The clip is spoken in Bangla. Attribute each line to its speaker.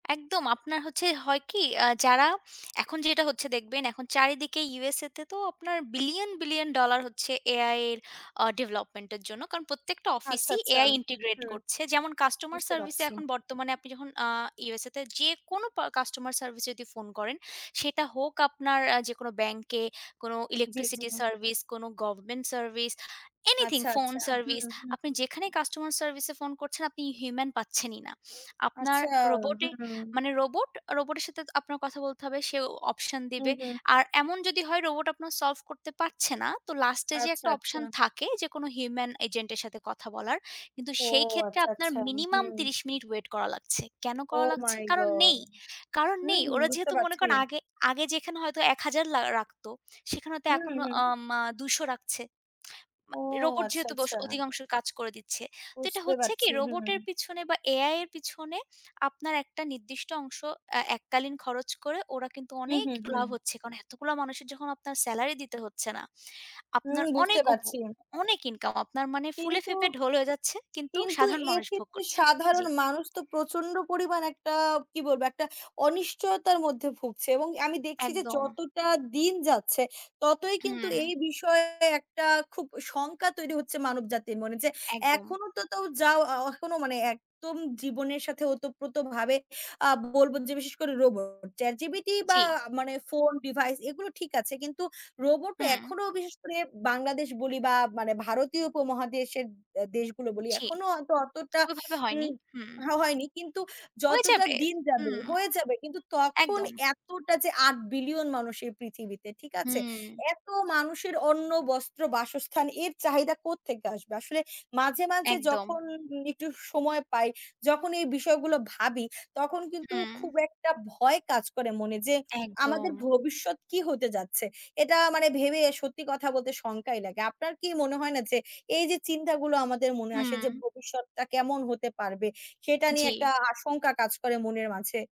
Speaker 1: একদম। আপনার হচ্ছে হয় কি, আ যারা এখন যেটা হচ্ছে দেখবেন, এখন চারিদিকে ইউএসএ তে তো আপনার বিলিয়ন, বিলিয়ন ডলার হচ্ছে এআই এর আ ডেভেলপমেন্টের জন্য, কারণ প্রত্যেকটা
Speaker 2: আচ্ছা,
Speaker 1: অফিসই
Speaker 2: আচ্ছা।
Speaker 1: এআই ইন্টিগ্রেট
Speaker 2: হুম।
Speaker 1: করছে। যেমন কাস্টমার
Speaker 2: বুঝতে
Speaker 1: সার্ভিসে
Speaker 2: পারছি।
Speaker 1: এখন বর্তমানে আপনি যখন আ ইউএসএ তে যেকোনো প কাস্টমার সার্ভিসে যদি ফোন করেন, সেটা হোক আপনার যেকোনো ব্যাংকে, কোনো
Speaker 2: জি, জি।
Speaker 1: ইলেকট্রিসিটি সার্ভিস, কোনো। গভর্নমেন্ট সার্ভিস, এনিথিং,
Speaker 2: আচ্ছা,
Speaker 1: ফোন
Speaker 2: আচ্ছা।
Speaker 1: সার্ভিস,
Speaker 2: হুম,
Speaker 1: আপনি
Speaker 2: হুম।
Speaker 1: যেখানেই কাস্টমার সার্ভিসে ফোন করছেন, আপনি হিউম্যান পাচ্ছেন ই না। আপনার
Speaker 2: আচ্ছা।
Speaker 1: রোবটের,
Speaker 2: হুম।
Speaker 1: মানে রোবটের সাথে কথা বলতে হবে, সেও অপশন
Speaker 2: হুম,
Speaker 1: দিবে।
Speaker 2: হুম।
Speaker 1: আর এমন যদি হয়, রোবট আপনার সল্ভ করতে পারছে না, তো লাস্টে যে
Speaker 2: আচ্ছা,
Speaker 1: একটা
Speaker 2: আচ্ছা।
Speaker 1: অপশন থাকে, যেকোনো হিউম্যান এজেন্টের সাথে কথা বলার, কিন্তু
Speaker 2: ও
Speaker 1: সেই ক্ষেত্রে
Speaker 2: আচ্ছা,
Speaker 1: আপনার
Speaker 2: আচ্ছা।
Speaker 1: মিনিমাম
Speaker 2: হুম।
Speaker 1: ৩০ মিনিট ওয়েট করা লাগছে। কেন করা
Speaker 2: ওহ
Speaker 1: লাগছে?
Speaker 2: মাই
Speaker 1: কারণ
Speaker 2: গড!
Speaker 1: নেই, কারণ নেই।
Speaker 2: হুম,
Speaker 1: ওরা
Speaker 2: বুঝতে
Speaker 1: যেহেতু মনে
Speaker 2: পারছি।
Speaker 1: করেন আগে, আগে যেখানে হয়তো ১০০০ লা রাখত সেখানে হয়তো
Speaker 2: হুম,
Speaker 1: এখন,
Speaker 2: হুম।
Speaker 1: আ উম ২০০ রাখছে।
Speaker 2: ও,
Speaker 1: রোবট
Speaker 2: আচ্ছা,
Speaker 1: যেহেতু বশ
Speaker 2: আচ্ছা।
Speaker 1: অধিকাংশ কাজ করে দিচ্ছে। তো এটা
Speaker 2: বুঝতে
Speaker 1: হচ্ছে কি
Speaker 2: পারছি।
Speaker 1: রোবটের
Speaker 2: হুম।
Speaker 1: পিছনে বা এআই এর পিছনে, আপনার একটা নির্দিষ্ট অংশ এ এককালীন খরচ করে ওরা কিন্তু
Speaker 2: হুম,
Speaker 1: অনেক
Speaker 2: হুম,
Speaker 1: লাভ
Speaker 2: হুম।
Speaker 1: হচ্ছে। কারণ এতগুলা মানুষের যখন আপনার সেলারি দিতে হচ্ছে না,
Speaker 2: হুম,
Speaker 1: আপনার
Speaker 2: বুঝতে
Speaker 1: অনেক উপ
Speaker 2: পারছি।
Speaker 1: অনেক ইনকাম আপনার মানে
Speaker 2: কিন্তু।
Speaker 1: ফুলেফেপে ঢোল হয়ে যাচ্ছে কিন্তু
Speaker 2: কিন্তু
Speaker 1: সাধারণ মানুষ ভোগ
Speaker 2: এক্ষেত্রে
Speaker 1: করছে, জি।
Speaker 2: সাধারণ মানুষ তো প্রচণ্ড পরিমাণে একটা কি বলব, একটা অনিশ্চয়তার মধ্যে ভুগছে। এবং আমি দেখছি যে,
Speaker 1: একদম।
Speaker 2: যতটা দিন যাচ্ছে, ততই কিন্তু এই
Speaker 1: হুম।
Speaker 2: বিষয়ে একটা খুব শঙ্কা তৈরি হচ্ছে মানবজাতির মনে যে,
Speaker 1: একদম।
Speaker 2: এখনও তো তাও যা, এখনও মানে একদম জীবনের সাথে ওতপ্রোতভাবে আ বলব যে, বিশেষ করে রোবট, চ্যাট জিপিটি বা
Speaker 1: জি।
Speaker 2: মানে ফোন, ডিভাইস এগুলো ঠিক আছে, কিন্তু রোবটো
Speaker 1: হুম।
Speaker 2: এখনও বিশেষ করে বাংলাদেশ বলি বা মানে ভারতীয় উপমহাদেশের দেশগুলো বলি,
Speaker 1: জি।
Speaker 2: এখনও হয়তো অতটা
Speaker 1: ওইভাবে হয়নি।
Speaker 2: উম
Speaker 1: হুম।
Speaker 2: হয়নি। কিন্তু
Speaker 1: হয়ে
Speaker 2: যত
Speaker 1: যাবে।
Speaker 2: দিন যাবে,
Speaker 1: হুম।
Speaker 2: হয়ে যাবে। কিন্তু তখন
Speaker 1: একদম।
Speaker 2: এতটা যে ৮ বিলিয়ন মানুষ এই পৃথিবীতে, ঠিক আছে?
Speaker 1: হুম।
Speaker 2: এত মানুষের অন্ন, বস্ত্র, বাসস্থানের এর চাহিদা কোত্থেকে আসবে? আসলে মাঝে, মাঝে
Speaker 1: একদম।
Speaker 2: যখন একটু সময় পাই, যখন এই বিষয়গুলো ভাবি, তখন কিন্তু
Speaker 1: হুম।
Speaker 2: খুব একটা ভয় কাজ করে মনে যে, আমাদের
Speaker 1: একদম।
Speaker 2: ভবিষ্যৎ কী হতে যাচ্ছে। এটা মানে ভেবে সত্যি কথা বলতে শঙ্কাই লাগে। আপনার কি মনে হয় না যে, এই যে চিন্তাগুলো আমাদের মনে আসে, যে
Speaker 1: হুম।
Speaker 2: ভবিষ্যৎটা কেমন হতে পারবে সেটা নিয়ে একটা
Speaker 1: জি।
Speaker 2: আশঙ্কা কাজ করে মনের মাঝে?